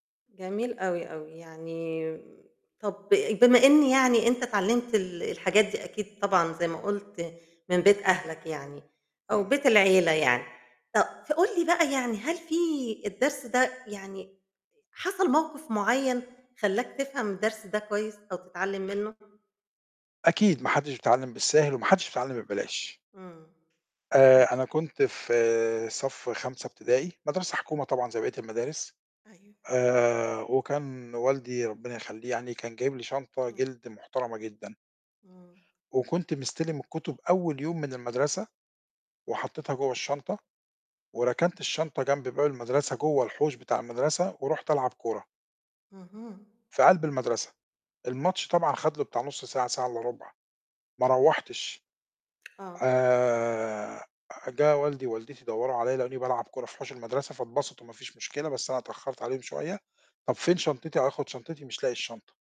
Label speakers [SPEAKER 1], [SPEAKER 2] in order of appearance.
[SPEAKER 1] جميل أوي، أوي، يعني طب بما إن يعني أنت اتعلمت ال الحاجات دي أكيد طبعًا- زي ما قُلت- من بيت أهلك يعني، أو
[SPEAKER 2] إمم.
[SPEAKER 1] بيت العيلة يعني ف فقول لي بقى يعني هل في الدرس ده يعني، حصل موقف معيّن خلّاك تفهَم الدرس ده كويّس أو تتعلم منّه؟
[SPEAKER 2] أكيد، ما حدش بيتعلم بالسهل، وما حدش بيتعلم ببلاش.
[SPEAKER 1] امم، ف
[SPEAKER 2] آآ، أنا كنت في صف 5 إبتدائي، مدرسة حكومة طبعًا زي بقية المدارس.
[SPEAKER 1] أيوه.
[SPEAKER 2] آآ، وكان والدي- ربنا يخليه يعني- كان جايب لي شنطة
[SPEAKER 1] إمم.
[SPEAKER 2] جِلد محترمة جدًا.
[SPEAKER 1] امم.
[SPEAKER 2] وكنت مستلم الكتب أول يوم من المدرسة، وحطيتها جوّه الشنطة، وركنت الشنطة جنب باب المدرسة جوّه الحوش بتاع المدرسة ورحت ألعب كرة.
[SPEAKER 1] اهم.
[SPEAKER 2] في قلب المدرسة، الماتش طبعًا خد له بتاع نص ساعة، ساعة إلا ربع، ما روّحتش.
[SPEAKER 1] آه.
[SPEAKER 2] آآ، جه والدي ووالدتي دوّروا عليَّ لاقوني بالعب كرة في حوش المدرسة فاتبسطوا مافيش مشكلة، بس أنا اتأخرت عليهم شوية. طب فين شنطتي، هاخد شنطتي، مش لاقي الشنطة.